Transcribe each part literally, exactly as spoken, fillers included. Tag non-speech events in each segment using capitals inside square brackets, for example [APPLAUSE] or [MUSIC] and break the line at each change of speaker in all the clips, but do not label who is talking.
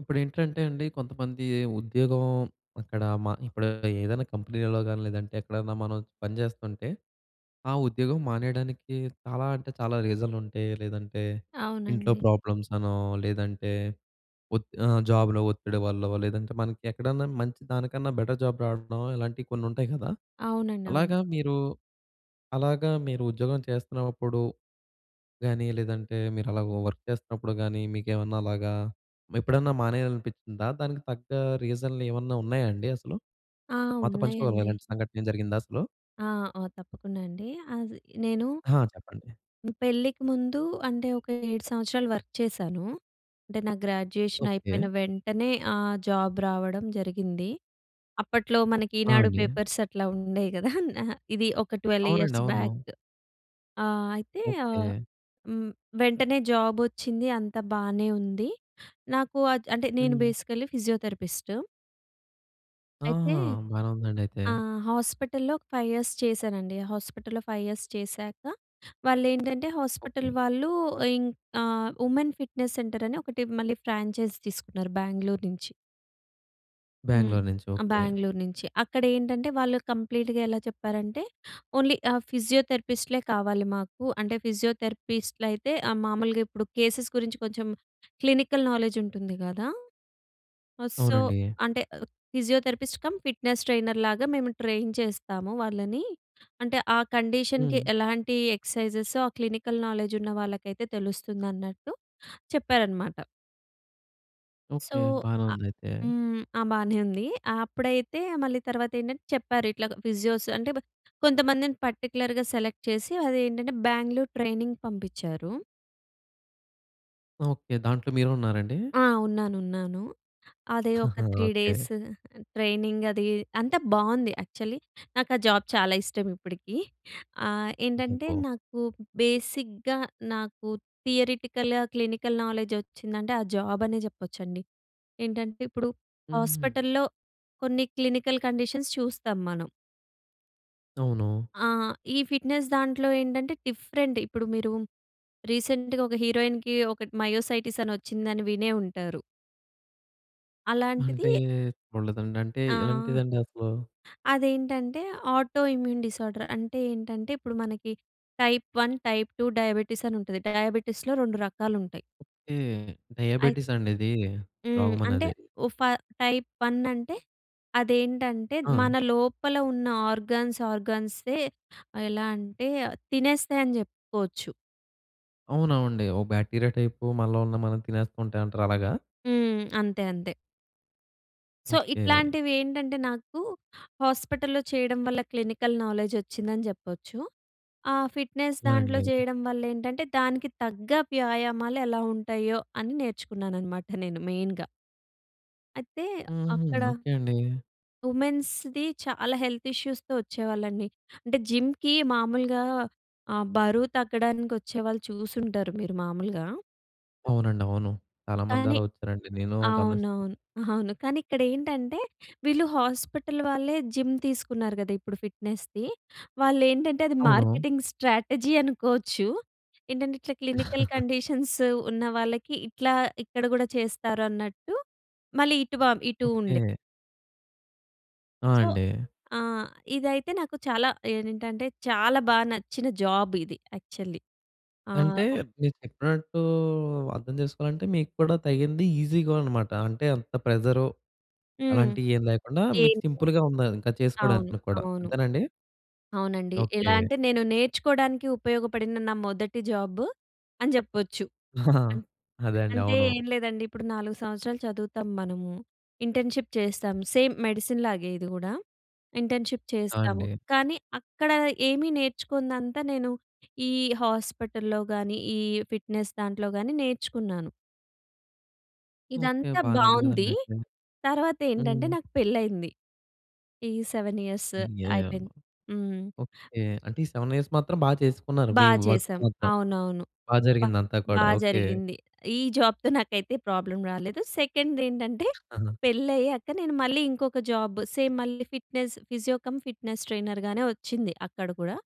ఇప్పుడేంటంటే అండి. కొంతమంది ఉద్యోగం అక్కడ మా ఇప్పుడు ఏదైనా కంపెనీలలో కాని, లేదంటే ఎక్కడైనా, మనం పని చేస్తుంటే ఆ ఉద్యోగం మానేయడానికి చాలా అంటే, చాలా రీజన్లు ఉంటాయి. లేదంటే ఇంట్లో
అవునండి.
ప్రాబ్లమ్స్ అనో, లేదంటే ఒత్ ఆహ్, జాబ్‌లో ఒత్తిడి వల్లో లేదంటే, మనకి ఎక్కడన్నా మంచి, దానికన్నా బెటర్ జాబ్ రావడం ఇలాంటివి కొన్ని ఉంటాయి కదా!
అవునండీ. అవును.
అలాగా మీరు అలాగా మీరు ఉద్యోగం చేస్తున్నప్పుడు గాని, లేదంటే మీరు అలా వర్క్ చేస్తున్నప్పుడు గాని, మీకేమన్నా అలాగా ఎప్పుడైనా మానేయాలి అనిపించిందా? దానికి తగ్గ రీజన్‌లు ఏమన్నా ఉన్నాయా? అండి అసలు.
ఆ!
మాతో పంచుకోగలర
ఉన్నాయండి.
ఇలాంటి సంఘటన ఏం జరిగిందా అసలు?
ఆ! ఆ! తప్పకుండా అండి. అది నేను
ఆహా! చెప్పండి.
హ్మ్. పెళ్ళికి ముందు అంటే, ఒక ఏడు సంవత్సరాలు వర్క్ చేశాను. అంటే నాకు గ్రాడ్యుయేషన్
ఓకే.
అయిపోయిన వెంటనే ఆహ్, జాబ్ రావడం జరిగింది. అప్పట్లో మనకి
ఆ!
'ఈనాడు'
అండి.
పేపర్స్ అట్లా ఉండేవి కదా! నా ఇది ఒక ట్వెల్వ్
అవునండి.
ఇయర్స్
అవును.
బ్యాక్. ఆహ్, అయితే ఆహ్,
ఓకే.
హ్మ్. వెంటనే జాబ్ వచ్చింది. అంతా బానే ఉంది. నాకు అద్ అంటే, నేను
హ్మ్.
Basically physiotherapist. అయితే
ఆహా! బానే ఉందండయితే.
ఆహ్, హాస్పిటల్‍లో, ఒక ఫైవ్ ఇయర్స్ చేశానండి. హాస్పిటల్‌లో ఫైవ్ ఇయర్స్ చేశాక, వాళ్ళెంటంటే హాస్పిటల్
ఓకే.
వాళ్ళు ఇంక్ ఆహ్, ఉమెన్ ఫిట్‍నెస్ సెంటర్ అని ఒకటి మళ్ళీ ఫ్రాంచైజ్ తీసుకున్నారు. బెంగుళూరు నుంచి. హ్మ్,
బెంగుళూరు నుంచి
ఆ!
ఓకే.
బెంగుళూరు నుంచే అక్కడ ఏంటంటే, వాళ్ళు కంప్లీట్‌గా ఎలా చెప్పారంటే, ఓన్లీ ఆహ్, ఫిజియోథెరపిస్ట్‌లే కావాలి మాకు. అంటే ఫిజియోథెరపిస్ట్లయితే ఆహ్, మామూలుగా ఇప్పుడు కేసెస్ గురించి కొంచెం క్లినికల్ నాలెడ్జ్ ఉంటుంది కదా! ఆహ్, సో
అవునండి.
అంటే, ఫిజియోథెరపిస్ట్ కమ్, ఫిట్నెస్ ట్రైనర్ లాగా మేము ట్రైన్ చేస్తాము వాళ్ళని. అంటే, ఆ కండిషన్‌కి,
హ్మ్.
ఎలాంటి ఎక్సర్సైజ్సో ఆ క్లినికల్ నౌలెడ్జ్ ఉన్న వాళ్ళకైతే తెలుస్తుందన్నట్టు చెప్పారన్నమాట. So,
okay. బానే
అ
ఉందయితే.
హ్మ్. ఆ! బానే ఉంది. అప్పుడైతే మళ్ళీ తర్వాత ఏంటంటే, చెప్పారు ఇట్లాగ ఫిజియోస్ అంటే, బ కొంతమందిని పర్టిక్యులర్‌గా సెలెక్ట్ చేసి, అది ఏంటంటే బెంగుళూరు ట్రైనింగ్‌కి పంపించారు.
ఓకే. దాంట్లో మీరు ఉన్నారండి.
అ! ఉన్నాను. ఉన్నాను. అదే ఒక
[CHUCKLES]
త్రీ
ఓకే.
డేస్ ట్రైనింగ్ అది అంతా బాగుంది యాక్చువలి. నాకా జాబ్ చాలా ఇష్టం ఇప్పటికి. ఆహ్, ఏంటంటే
పొ
నాకు బేసిక్‌గా, నాకు థియరెటికల్‌గా క్లినికల్ నాలెడ్జ్ వచ్చిందంటే, ఆ జాబ్ అనే చెప్పొచ్చండి. ఏంటంటే ఇప్పుడు
హుహుహు.
హాస్పిటల్‍లో కొన్ని క్లినికల్ కండిషన్స్ చూస్తాం మనం.
అవును.
ఆహ్, ఈ ఫిట్‌నెస్ దాంట్లో ఏంటంటే, డిఫరెంట్. ఇప్పుడు మీరూ రీసెంట్‌గా ఒక హీరోయిన్‌కి ఒకటి మయోసైటిసని ఒచ్చిందని వినే ఉంటారు.
అంటే,
అలాంటిది
చూడలేదండి. అంటే,
ఆహ్
ఎలాంటిదండసలూ?
అదేంటంటే, ఆటో ఇమ్యూన్ డిజార్డర్. అంటే ఏంటంటే, ఇప్పుడు మనకి టైప్ వన్, టైప్ టూ డయాబెటిసనుంటది. డయాబెటిస్‌లో రొండు రకాలుంటాయి.
ఓకే.
అయి
డయాబెటిసండిదీ,
హ్మ్. అంటే
రోగమన్నది?
ఒ ఫ టైప్ వన్ అంటే, అదేంటంటే, మన
ఆ!
లోపల ఉన్న ఆర్గన్స్ ఆర్గన్సే, ఆహ్, ఎలా అంటే, ఆహ్, తినేస్తాయని చెప్పుకోవచ్చు.
అవునవండి. ఓ బాక్టీరియా టైపు మనలో ఉన్న మనం తినేస్తుంటయంటారు అలాగా?
హ్మ్. అంతే, అంతే. So,
okay.
ఇట్లాంటివేంటంటే, నాకు హాస్పటల్‌లో చెయ్యడం వల్ల క్లినికల్ నాలెడ్జొచ్చిందని జెప్పచ్చు. ఆహ్, ఫిట్‌నెస్
ఆ!
దాంట్లో
అండి.
జెయడం వల్లేంటంటే, దానికి తగ్గ వ్యాయామాలు ఎలా ఉంటాయ్యో, అని నేర్చుకున్నాననమాట నేను మెయిన్‌గా. అయితే,
హుహు.
అక్కడ
ఓకే అండి.
ఉమెన్స్‌ది చాలా హెల్త్ ఇష్యూస్‌తో ఒచ్చేవాళ్ళండి. అంటే, జిమ్‌కి మాములుగా ఆహ్, బరువు తగ్గడానికొచ్చేవాళ్ళు చూసుంటారు మీరు మాములుగా.
అవునండి. అవును.
కానీ
చాలామందలా ఒచ్చారండి. నేనూ గమనిస్
అవునవును. [CHUCKLES] అవును. కానీ ఇక్కడేంటంటే, వీళ్ళు హాస్పటల్ వాళ్ళే జిమ్ తీసుకున్నారు గదా ఇప్పుడు ఫిట్‍నెస్‌ది. వాళ్ళేంటంటే, అది
అవును.
మార్కెటింగ్ స్ట్రాటజీ అనుకోచ్చు. ఏంటంటే, ఇట్లా క్లినికల్
[CHUCKLES]
కండిషన్స్ ఉన్న వాళ్ళకి ఇట్లా ఇక్కడ గూడా చేస్తారు అన్నట్టూ, మళ్ళీ ఇటు వా ఇటూ ఉండే.
ఓకే. ఆ!
సో
అండి.
ఆ! ఇదైతే నాకు చాలా ఏనింటంటే, చాలా బా నచ్చిన జాబిది యాక్చల్లీ. ఆ!
అంటే,
ఒ
మీరు చెప్పినట్టూ అర్థం చేసుకోవాలంటే, మీకు కూడా తగింది ఈజీగా అనమాట. అంటే అంత ప్రెజరు,
హ్మ్.
అలాంటియేమి లేకుండా, మీకు
దేన్
సింపుల్‌గా ఉండాలి ఇంకది
అవును.
చేసుకోడానికిని కూడా.
అవును.
అంతేనాండి?
అవునండి. ఎలా
ఓకే.
అంటే, నేను నేర్చుకోడానికి ఉపయోగపడిన నా మొదటి జాబ్ అని జెప్పొచ్చు. అన్
[CHUCKLES] అదే అండీ.
అంటే,
అవును.
ఏం లేదండి. ఇప్పుడు నాలుగు సంవత్సరాలు చదువుతాం మనము. ఇంటర్న్‌షిప్ చేస్తాం, సేమ్ మెడిసిన్‌లాగే ఇది గూడా. ఇంటర్న్‌షిప్
ఆ!
చేస్తాము.
అండి.
కానీ, అక్కడ ఏమీ నేర్చుకోనిదంతా నేను, ఈ హాస్పటల్‍లో గానీ, ఈ ఫిట్‍నెస్ దాంట్లో గానీ నేర్చుకున్నాను.
ఓకె.
ఇదంతా
బానే ఉంది
బావుంది.
గదండీ అయితే.
తర్వాతేంటంటే,
హ్మ్.
నాకు పెళ్ళైంది. ఈ సెవెన్ ఇయర్స్
యాహ్! యాహ్!
అయిపోయింది. హ్మ్.
ఓకె. అంటే ఈ సెవెన్ ఇయర్స్ మాత్రం బా చేసుకున్నారు.
బా
మీ వర్క్
చేశాం.
మొత్తం
అవునవును.
బా
బ
జరిగిందంతా
బా
కూడా. ఓకె.
జరిగింది. ఈ జాబ్‌తో నాకైతే ప్రాబ్లమ్ రాలేదు. సెకండేంటంటే,
ఖచ్చితంగా.
పెళ్లయ్యాక నేను మళ్ళీ ఇంకొక జాబ్ సేమ్ మళ్ళీ ఫిట్‍నెస్ ఫిజియో కమ్ ఫిట్‍నెస్ ట్రైనర్‌గానే వచ్చింది అక్కడ కూడా.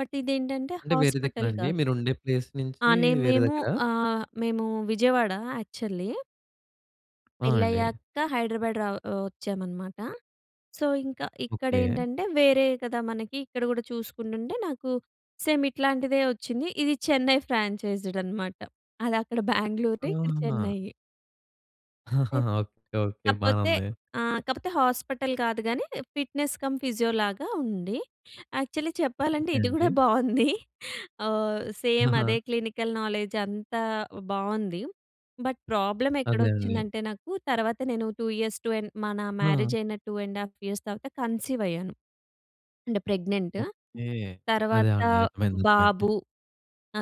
బట్ ఇదేంటంటే,
అంటే వేరే దగ్గరా
హాస్పిటల్
అండి.
కాదు.
మీరు ఉండే ప్లేస్
ఆ!
నుంచి
నేను
వేరే
మేము
దగ్గరా?
ఆహ్, మేము విజయవాడ యాక్చువల్లీ
ఆ! అండి.
పెళ్లయ్యాక హైడ్రాబాద్ రా ఒ వచ్చామనమాట. సో, ఇంక
ఓకె.
ఇక్కడేంటంటే వేరే కదా! మనకి ఇక్కడ గూడా చూసుకుంటుంటే, నాకు సేమ్ ఇట్లాంటిదే వచ్చింది. ఇది చెన్నై ఫ్రాంచైజ్డ్ అనమాట. అదక్కడ బేంగలొటి ఇక్కడ
ఆహాహా!
చెన్నయి.
[CHUCKLES]
అయ్
ఓకె. ఓకె. బానే
కాపోతే
ఉంది.
ఆ! కాపోతే హాస్పిటల్ కాదు గానీ, ఫిట్‍నెస్ కమ్ ఫిజియోలాగ ఉంది. యాక్చువలీ చెప్పాలంటే,
ఓకె.
ఇది
అండి.
గూడా బావుంది. ఆహ్, సేమ్
ఆహా!
అదే క్లినికల్ నాలెడ్జ్ అంతా బాగుంది. బట్, ప్రాబ్లమెక్కడ
అదే అండి.
వచ్చిందంటే, నాకు తర్వాత నేను టూ ఇయర్స్, టూ అండ్ మన
ఆ!
మ్యారేజయిన టూ అండ్ హాఫ్ ఇయర్స్ తర్వాత కన్సీవయ్యాను. అంటే ప్రెగ్నెంటు.
ఓకె. అదే
తర్వాత
అండి. అర్థమైంది. అర్థమైంది.
బాబు,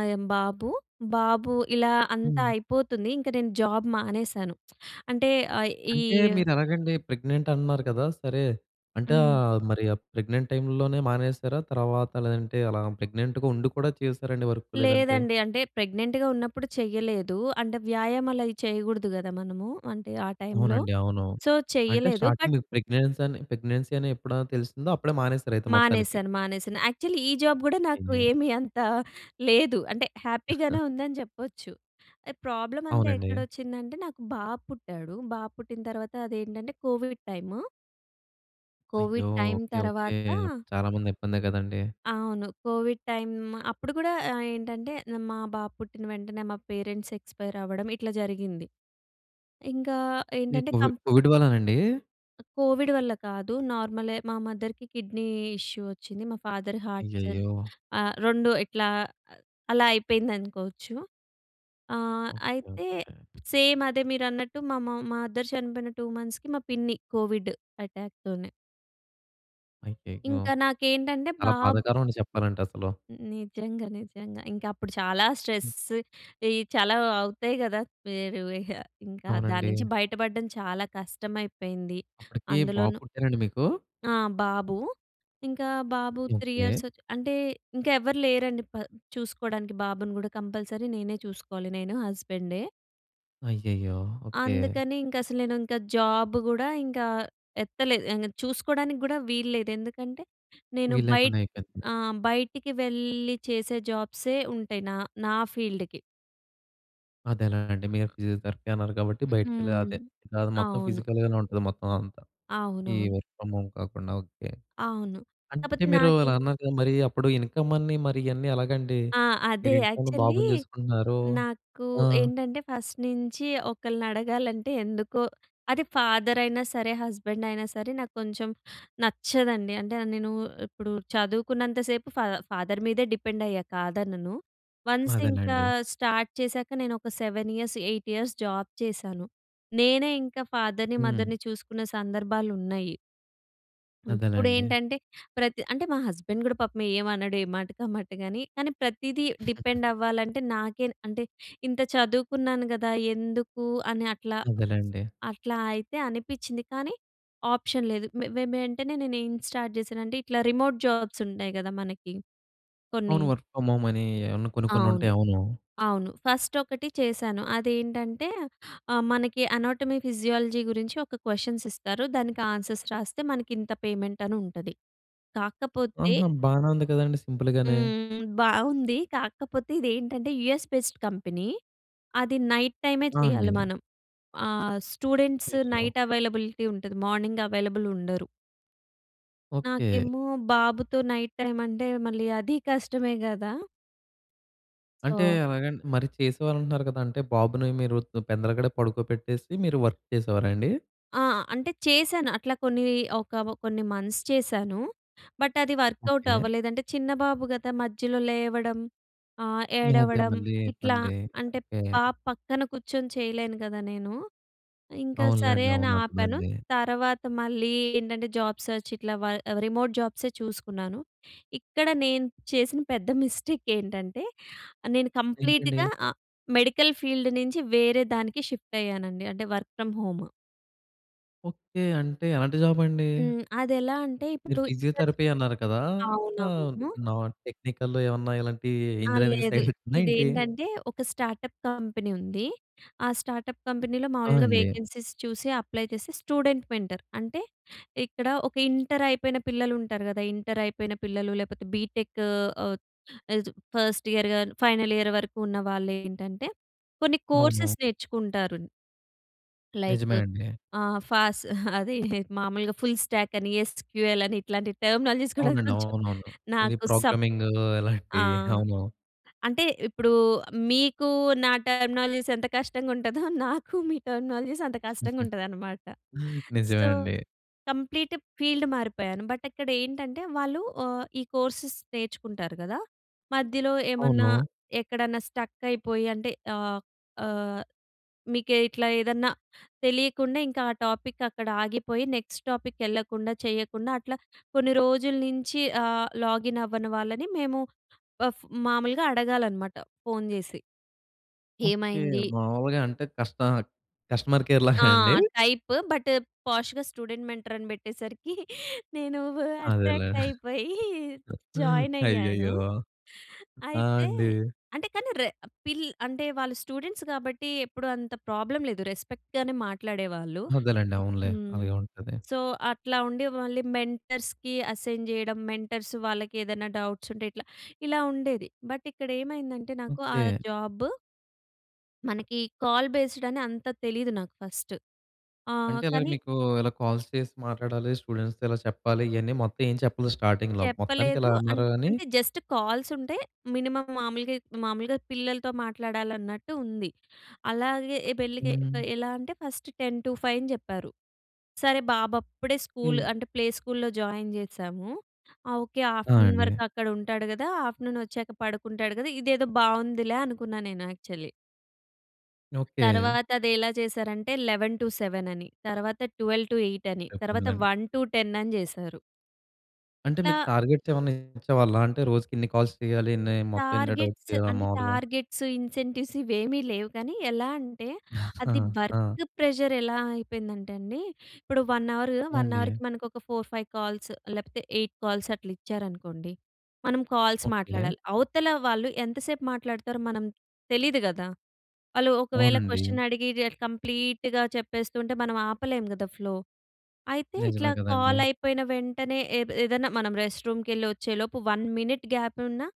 అయమ్ బాబు, బాబూ ఇలా అంతా
హ్మ్.
అయిపోతుంది. ఇంక నేను జాబ్ మానేశాను. అంటే, అయ్
అంటే
ఈయ్యు
మీరెలాగండి? ప్రెగ్నెంట్ అంటన్నారు కదా! సరే, అంటే
హ్మ్.
ఆహ్, మరీ ఆ ప్రెగ్నెంట్ టైమ్‌ల్లోనే మానేసారా? తర్వాత లేదంటే అలా ప్రెగ్నెంట్‌గా ఉండి కూడా చేశారండి? వర్క్ లేదంటే?
లేదండి అంటే ప్రెగ్నెంట్‌గా ఉన్నప్పుడు చెయ్యలేదు. అంటే, వ్యాయామాలు అయి చేయగూడదు గదా! మనము. అంటే ఆ టైమ్‌లో
అవునండి. అవును.
సో,
అంటే,
చెయ్యలేదు.
స్టార్టింగ్
బట్
మీరు ప్రెగ్నెన్సీ అని పెగ్నెన్సీ అని ఎప్పుడా తెలిసిందో అప్పుడే మానేసరయితే మొత్తానికి.
మానేశాను, మానేశాను. యాక్చువలీ ఈ జాబ్ గూడా
ఏం
నాకు
జేయాలి?
ఏమి అంత లేదు. అంటే, హ్యాపీ గానే
[CHUCKLES]
ఉందని చెప్పొచ్చు. ఎహ్, ప్రాబ్లమంతా
అవునండి.
ఎక్కడొచ్చిందంటే నాకు బాబు పుట్టాడు. బాబు పుట్టిన తర్వాత అదేంటంటే, కోవిడ్ టైము.
అయ్యో!
కోవిడ్ టైమ్
ఓకే,
తర్వాత
ఓకే చాలా మంది ఇబ్బందే కదండీ!
అవును. కోవిడ్ టైమ్ అప్పుడు గూడా ఆహ్, ఏంటంటే మా బాబు పుట్టిన వెంటనే మా పేరెంట్స్ ఎక్స్పైరవ్వడం ఇట్లా జరిగింది. ఇంకా
ఈ
ఏంటంటే
కోవిడ్,
కంప్
కోవిడ్ వల్లానండి?
కోవిడ్ వల్ల కాదు నార్మలె. మా మదర్‌కి కిడ్నీ ఇష్యూ వచ్చింది. మా ఫాదర్ హార్ట్ సజ్
అయ్యయ్యో!
ఆహ్, రెండు ఇట్లా అలా అయిపోయిందనుకోవచ్చు. ఆహ్,
ఓకె.
అయితే
ఓకె.
సేమ్ అదే మీరన్నట్టు మా మ మదర్ చనిపోయిన టూ మంత్స్‌కి, మా పిన్ని కోవిడ్ అటాక్‌ తోనే.
అయ్యయ్యో!
ఇంకా నాకేంటంటే
చాలా
బాబ్
బాధాకరం అని చెప్పాలంటే అసలు.
నిజంగ, నిజంగ. ఇంక అప్పుడు చాలా స్ట్రెస్,
హ్మ్.
ఈ చాలా అవుతాయి కద! [UNINTELLIGIBLE] ఇంకా
అవునండి.
దాన్నుంచి బయటపడ్డం చాలా కష్టం అయిపోయింది.
అప్పటికి బాబు
అందులోను
పుట్టారండి మీకు?
ఆ! బాబు ఇంకా బాబు త్రీ ఇయర్స్
ఓకె.
ఒచ్చి అంటే, ఇంక ఎవరు లేరండి చూసుకోడానికి, బాబుని కూడా కంపల్సరీ నేనే చూసుకోవాలి. నేను హస్బెండే.
అయ్యయ్యో! ఓకె.
అందుకని ఇంక అసలు నేను ఇంక జాబ్ కూడా ఇంకా ఎత్తలేదు. ఆహ్, చూసుకోవడానికి కూడా వీల్లేదు. ఎందుకంటే నేను బయట్
వీల్లేకుండా అయిపోయింది.
అ! బయటికి వెళ్ళి చేసే జాబ్సే ఉంటాయి. నా నా ఫీల్డ్‌కి.
అదేనా అండి. మీరు ఫిజియోథెరపీ అన్నారు కాబట్టి బయటకెళ్ళే
హ్మ్.
అదే, కాదు మొత్తం
అవును.
ఫిజికల్ గానే ఉంటది. మొత్తం అంతా, ఈ
అవునవును.
వర్క్ ఫ్రమ్ హోమ్ కాకుండా. ఓకె.
అవును.
అంటే
కాకపోతే
మీరు అలా
నాకి
అన్నాకా, మరి అప్పుడు ఇన్కమ్ అన్ని, మరి ఇయన్నీ ఎలాగండి?
ఆ! అదే
మీరు ఇంట్లో ఉన్న
యాక్చువల్లీ
బాబును చూసుకుంటున్నారు.
నాకు
ఆ!
ఏంటంటే, ఫస్ట్ నించి ఒకళ్ళని అడగాలంటే ఎందుకో అది ఫాదర్ అయినా సరే, హస్బెండ్ అయినా సరే, నాకు కొంచెం నచ్చదండి. అంటే నేను ఇప్పుడు చదువుకున్నంత సేపు ఫా ఫాదర్ మీదే డిపెండ్ అయ్యా కాదనను. వన్స్ ఇంకా
అదేనండి.
స్టార్ట్ చేసాక నేను ఒక seven years, eight years job చేశాను. నేనే ఇంకా ఫాదర్‍ని,
హ్మ్.
మదర్‍ని చూసుకున్న సందర్భాలు ఉన్నాయి. ఇప్పుడు
అదేలెండి.
ఏంటంటే ప్రతి అంటే, మా హస్బెండ్ కూడా పాపం ఏమనడు. ఏ మాటకి, ఆ మాటగాని కానీ, ప్రతీదీ డిపెండ్ అవ్వాలంటే నాకే అంటే, ఇంత చదువుకున్నాను కదా! ఎందుకు అని, అట్లా.
అదేలెండి.
అట్లా అయితే అనిపించింది. కానీ ఆప్షన్ లేదు. వే వెంటనే నేను ఏం స్టార్ట్ చేశానంటే, ఇట్లా రిమోట్ జాబ్స్ ఉంటాయి కద మనకి. కొన్ని.
అవును వర్క్ ఫ్రమ్ హోమ్ అని ఏమన్న కొన్ని, కొన్ని
అవును.
ఉంటాయి, అవును.
అవును. ఫస్ట్ ఒకటి చేశాను. అది ఏంటంటే ఆహ్, మనకి అనాటమీ, ఫిజియాలజీ గురించి ఒక క్వెషన్స్ ఇస్తారు. దానికి ఆన్సర్స్ రాస్తే మనకి ఇంత పేమెంట్ అనుంటది. కాకపోతే
ఆహా! బానే ఉంది కదండీ. సింపుల్ గానే.
హ్మ్. బాగుంది కాకపోతే ఇది ఏంటంటే, యూఎస్ బేస్డ్ కంపెనీ అది నైట్ టైమే
ఆ!
చేయాలి
అండి.
మనం. ఆహ్, స్టూడెంట్స్
అయ్యో!
నైట్ అవైలబిలిటీ ఉంటది. మార్నింగ్ అవైలబుల్ ఉండరు.
ఓకె.
నాకేమో బాబుతో నైట్ టైమ్ అంటే మళ్లీ అది కష్టమే గదా!
అంటే
సో
ఎలాగండి మరి చేసేవాళ్ళంటున్నారు గదా! అంటే బాబుని మీరు దొ పెందలగడే పడుకోబెట్టేసి మీరు వర్క్ చేసేవారా అండి?
ఆ! అంటే చేశాను. అట్లా కొన్ని ఒక కొన్ని మంత్స్ చేశాను. బట్ అది వర్కౌట్
ఓకె.
అవ్వలేదంటే చిన్న బాబు గదా! మధ్యలో లేవడం ఆహ్,
అదే.
ఏడవడం
మళ్ళీ
ఇట్లా
ఇబ్బంది.
అంటే
ఓకె.
పా పక్కన కూర్చొని చేయలేను గదా నేను. ఇంకా సరే
అవునులెండి.
అని
అవును.
ఆపాను.
అర్ధమైంది.
తర్వాత మళ్లీ ఏంటంటే జాబ్ సెర్చ్ ఇట్లా వ రిమోట్ జాబ్సే చూసుకున్నాను. ఇక్కడ నేను చేసిన పెద్ద మిస్టేక్ ఏంటంటే? నేను
ఏంటండి?
కంప్లీట్‌గా మెడికల్ ఫీల్డ్ నుంచి వేరే దానికి షిఫ్ట్ అయ్యానండి. అంటే వర్క్ ఫ్రమ్ హోమ్.
ఓకె. అంటే ఎలాంటి జాబ్ అండి?
హ్మ్. అదెలా అంటే?
మీరు
ఇప్పుడు [UNINTELLIGIBLE]
ఫిజియోథెరపీ అన్నారు కదా! ఆహ్,
అవునవును.
నాన్ టెక్నికల్‌లో ఏమన్నా ఇలాంటియి
ఆ!
ఇంజినీరింగ్
లేదు.
సైడ్ ఉందా ఏంటి?
ఇదేంటంటే ఒక స్టార్టప్ కంపెనీ ఉంది. ఆ స్టార్టప్ కంపెనీలో
ఆ!
మామూలుగా
అండి.
వేకెన్సీస్ చూసి, అప్లై చేసి, స్టూడెంట్ మెంటర్. అంటే ఇక్కడ ఒక ఇంటర్ అయిపోయిన పిల్లలు ఉంటారు గదా! ఇంటర్ అయిపోయిన పిల్లలు లేకపోతే బీటెక్ ఆహ్, చ ఫస్ట్ ఇయర్ గాని ఫైనల్ ఇయర్ వరకు ఉన్న వాళ్ళు ఏంటంటే కొన్ని
అవును.
కోర్సెస్ నేర్చుకుంటారు. లైక్
నిజమే అండి.
ఆహ్, ఫాస్ అది మామూలుగా ఫుల్ స్టాక్ అని ఎస్‌క్యూ‌ఎల్ అని ఇట్లాంటి టెర్మినాలజీస్ [GIGGLES] కూడా
అవునండి.
కొంచెం
అవునవును. ఇది
నాకు సప్
ప్రోగ్రామింగ్ అలాంటి
ఆ!
అవును.
అంటే ఇప్పుడు మీకు నా టెర్మినాలజీస్ ఎంత కష్టంగా ఉంటదో నాకు మీ టెర్మినాలజీస్ అంత కష్టంగా ఉంటదనమాట.
[LAUGHS] నిజమే
సో
అండి.
Complete field మారిపోయాను. బట్ అక్కడ ఏంటంటే వాళ్ళు ఆహ్, ఈ కోర్సెస్ నేర్చుకుంటారు గదా! మధ్యలో ఏమన్నా
అవును.
ఎక్కడన్నా స్టక్ అయిపోయి అంటే ఆహ్, ఆహ్, మీకే ఇట్లా ఏదన్నా తెలియకుండా ఇంకా ఆ టాపిక్ అక్కడ ఆగిపోయి నెక్స్ట్ టాపిక్ యెళ్ళకుండా చేయకుండా అట్లా కొన్ని రోజుల నుంచి ఆహ్, లాగిన్ అవ్వని వాళ్ళని మేము అఫ్ మామూలుగా అడగాలన్నమాట ఫోన్ జేసి.
ఓకె.
ఏమైంది?
మామూలుగా అంటే కష్ట కస్టమర్ కేర్‌లాగా
ఆ!
[GIGGLES] అండి?
టైప్ బట్ పాష్‌గా స్టూడెంట్ మెంటర్ అని పెట్టేసరికి నేను వు
అదేలే.
అట్రాక్ట్ అయిపోయి
[LAUGHS]
జాయిన్ అయ్యాను.
అయ్యయ్యో! ఆ!
అయితే
అండి.
అంటే కానీ రె పిల్ అంటే వాళ్ళు స్టూడెంట్స్ కాబట్టి ఎప్పుడు అంత ప్రాబ్లమ్ లేదు. రెస్పెక్ట్‌గానే మాట్లాడేవాళ్ళు.
అదేలెండి. అవునులే.
హ్మ్.
అలాగే ఉంటది.
సో అట్లా ఉండి మళ్ళీ మెంటర్స్‌కి అసైన్ జేయడం, మెంటర్స్ వాళ్ళకి ఏదైనా డౌట్స్ ఉంటే ఇట్లా ఇలా ఉండేది. బట్ ఇక్కడ ఏమైందంటే? నాకు ఆ
ఓకె.
జాబ్ మనకి కాల్ బేస్డ్ అని అంత తెలీదు నాకు ఫస్ట్ ఆహ్,
అంటే ఇలాగ
కానీ
మీకు ఇలా కాల్స్ చేసి మాట్లాడాలి. స్టూడెంట్స్‌తో ఇలా చెప్పాలి. ఇయన్నీ మొత్తం ఏం చెప్పలేదు స్టార్టింగ్‌లో మొత్తానికి
చెప్పలేదు.
ఇలా
అం
అన్నారు. గాని
అంటే జస్ట్ కాల్స్ ఉంటే మినిమమ్ మామూలుగా మామూలుగా పిల్లలతో మాట్లాడాలన్నట్టు ఉంది. అలాగే ఎ పెళ్ళికి
హ్మ్.
ఎలా అంటే ఫస్ట్ టెన్ టూ ఫైవ్ అని జెప్పారు. సరే బాబు అప్పుడే స్కూల్ అంటే ప్లే స్కూల్‌లో జాయిన్ జేశాము. ఓకె
ఆ!
ఆఫ్టర్నూన్
అండి.
వరకు అక్కడ ఉంటాడు గదా! ఆఫ్టర్నూన్ వచ్చాక పడుకుంటాడు గదా! ఇదేదో బావుందిలే అనుకున్నాను నేను యాక్చువల్లీ.
ఓకె.
తర్వాత అదేలా చేశారంటే, లెవెన్ టు సెవెన్ అని, తర్వాత ట్వెల్ టు ఎయిట్ అని,
అటొ
తర్వాత,
పిల్లండి.
వన్ టు టెన్ అని చేశారు.
అంటే,
ఇట్లా
మీకు టార్గెట్స్ ఏమన్నా ఇచ్చేవాళ్ళా? అంటే రోజుకి ఇన్ని కాల్స్ చెయ్యాలి. ఇన్ని మొత్తం, ఎన్ని డబ్ట్స్
టార్గెట్స్
చేయాలా
అంటే,
మాములుగా?
టార్గెట్స్, ఇన్సెంటివ్స్ ఇవేమీ లేవు కానీ, ఎలా అంటే అది
[CHUCKLES]
వర్క్
ఆ!
ప్రెషర్ ఎలా అయిపోయిందంటే అండి. ఇప్పుడు వన్ అవర్
ఆ!
వన్
అండి.
అవర్‌కి మనకు ఒక ఫోర్, ఫైవ్ కాల్స్ లేపోతే, ఎయిట్ కాల్స్ అట్ల ఇచ్చారనుకోండి. మనం కాల్స్
ఓకె.
మాట్లాడాలి. అవతల వాళ్ళు ఎంతసేపు మాట్లాడతారో మనం తెలీదు కదా! వాళ్ళు ఒకవేళ
అవునండి.
క్వెషన్ అడిగి, కంప్లీట్‌గా చెప్పేస్తుంటే మనం ఆపలేము కదా! ఫ్లో. అయితే ఇట్లా
నిజమే
కాల్
కదండీ!
అయిపోయిన వెంటనే, ఏద్ ఏదైనా మనం రెస్ట్ రూమ్ కెళ్ళి వచ్చేలోపు వన్ మినిట్ గ్యాప్ ఉన్నా,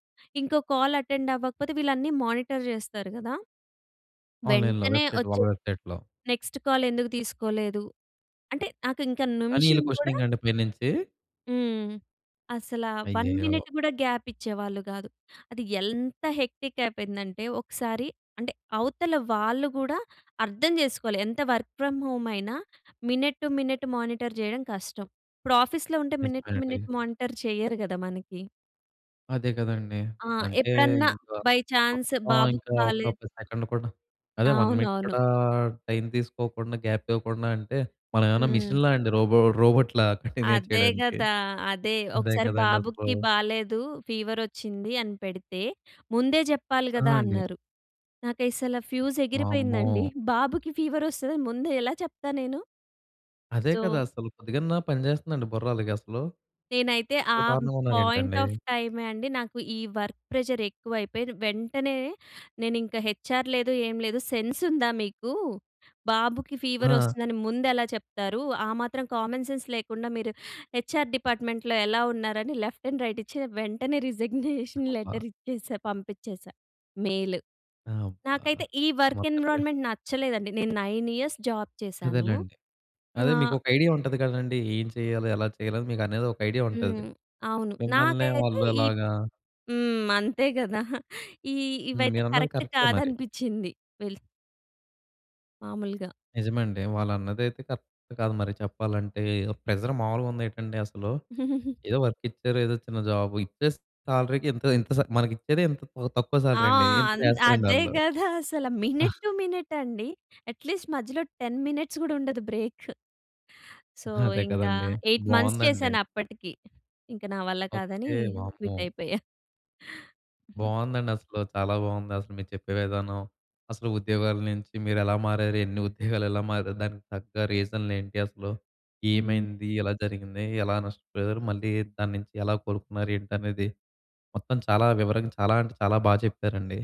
ఇంకో కాల్ అటెండ్ అవ్వకపోతే వీళ్ళన్నీ మానిటర్ చేస్తారు కదా!
ఆన్లైన్‌లో,
వెంటనే
వెబ్సైట్‌లో,
ఓచ్చే
వాళ్ళ వెబ్సైట్‌లో.
నెక్స్ట్ కాల్ ఎందుకు తీసుకోలేదు, అంటే నాకు ఇంక
అనిలా
నిమిషం కూడా.
క్వశ్చనింగా? అండి పైనుంచి.
హ్మ్. అసలా వన్
అయ్యయ్యో!
మినిట్ కూడా గ్యాప్ ఇచ్చేవాళ్ళు కాదు. అది ఎంత హెక్టిక్ అయిపోయిందంటే, ఒకసారి అంటే అవతల వాళ్ళు కూడా అర్థం చేసుకోవాలి. ఎంత వర్క్ ఫ్రమ్ హోమ్ అయినా, మినిట్ టు మినిట్ మానిటర్ చేయడం కష్టం. ఇప్పుడు ఆఫీస్‌లో ఉంటే మినిట్ టు
నిజమేనండి.
మినిట్ మానిటర్ చేయరు కదా! మనకి.
అదే కదండీ.
ఆ!
అంటే
ఎప్పుడన్నా,
ఇంకా
బై ఛాన్స్
మొత్తం
బాబుకి
ఇంకా ఒక
బాలేదు.
కప్ సెకండ్ కూడా అదే వన్ మినిట్
అవునవును.
కూడా టైమ్ తీసుకోకుండా, గాప్ ఇవ్వకుండా అంటే, మనమేమన్నా
హ్మ్.
మిషన్‌లా అండి? రోబో రోబోట్‌లా కంటిన్యూ
అదే
చేయడానికి.
కదా! అదే
అదే
ఒకసారి
కదండసలు.
బాబుకి బాలేదు. ఫీవర్ వచ్చింది అని పెడితే, "ముందే చెప్పాలి
ఆ!
కదా!"
అండి.
అన్నారు. నాకసలు ఫ్యూజ్ ఎగిరిపోయిందండి.
వామ్మో!
బాబుకి ఫీవర్ వస్తదని ముందే ఎలా చెప్తా నేను?
అదే కదా!
సో
అసలు కొద్దిగన్నా పనిచేస్తుందండి బుర్రాలకసలు.
నేనైతే
ఇంత
ఆ
దారుణంగా
పాయింట్
ఉన్నారేంటండీ.
ఆఫ్ టైమే అండి నాకు ఈ వర్క్ ప్రెజర్ ఎక్కువైపోయి, వెంటనే నేనింకా హెచార్ లేదు, ఏం లేదు. సెన్స్ ఉందా మీకు, బాబుకి ఫీవర్
ఆ!
వస్తుందని, ముందెలా చెప్తారు, ఆ మాత్రం కామన్ సెన్స్ లేకుండా, మీరు హెచ్ఎర్ డిపార్ట్మెంట్లో ఎలా ఉన్నారని, లెఫ్ట్ అండ్ రైట్ ఇచ్చి, వెంటనే [CHUCKLES] రిజిగ్నేషన్
అబ్బా!
లెటర్ ఇచ్చేసా పంపించేసా, మెయిల్.
అబ్బా!
నాకైతే ఈ వర్క్
మొత్తంగా
ఎన్విరాన్మెంట్ నచ్చలేదండి. నేను నైన్ ఇయర్స్ జాబ్ చేశాను.
అదేలెండి. అదే
ఆహ్
మీకొక ఐడియా ఉంటది కదండీ. ఏం చేయాలి, ఎలా చేయాలి, మీకనేది ఒక ఐడియా ఉంటది.
హ్మ్. అవును
మిమ్మల్నే
నాకైతే
వాళ్ళు
ఈ
అలాగా
హ్మ్. అంతే కదా! ఈ,
హ్మ్.
ఇవైతే
మీరన్నది
కరెక్ట్
కరెక్టె మరి.
కాదనిపిచ్చింది. వెల్ మామూలుగా.
నిజమండి. వాళ్ళ అన్నదైతే కరక్టు కాదు మరి చెప్పాలంటే. ఏదో ప్రెజర్ మామూలుగా ఉందేంటండి అసలు.
[GIGGLES]
ఏదో వర్క్ ఇచ్చారు. ఏదో చిన్న జాబ్. ఇచ్చే సాలరీ‌కి ఇంత, ఇంత స మనకిచ్చేది ఇంత తక్కువ
ఆ!
సాలరండి. ఇంత
అన్
చేస్తారండి
అదే
వాళ్ళు.
కదా! అసలు మినట్
[CHUCKLES]
టు మినట్ అండి. అట్లీస్ట్ మధ్యలో టెన్ మినిట్స్ కూడా ఉండదు బ్రేకు. సో,
అదే
ఇంకా
కదండీ.
ఎయిట్ మంత్స్
బాగుందండి.
చేశానప్పటికి. ఇంకా నా వల్ల కాదని
ఓకె. వామ్మో!
క్విట్ అయిపోయా. [CHUCKLES]
బాగుందండి. అసలు చాలా బాగుంది. అసలు మీరు చెప్పే విధానం. అసలు ఉద్యోగాల నుంచి మీరు ఎలా మారారు, ఎన్ని ఉద్యోగాలు ఎలా మారారు, దానికి తగ్గ రీజన్లు ఏంటి, అసలు
హ్మ్.
ఏమైంది, ఎలా జరిగింది, ఎలా నష్టపోయారు, మళ్ళీ దాన్నించి ఎలా కోలుకున్నారు ఏంటనేది, మొత్తం చాలా వివరంగా, చాలా అంటే, చాలా బాగా చెప్పారండి.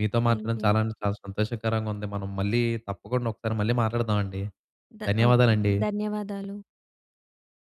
మీతో
థాంక్
మాట్లాడడం
యు.
చాలా అంటే, చాలా సంతోషకరంగా ఉంది. మనం మళ్ళీ తప్పకుండా ఒకసారి మళ్ళీ మాట్లాడదామండి.
ద ఓకె.
ధన్యవాదాలండి.
ధన్యవాదాలు.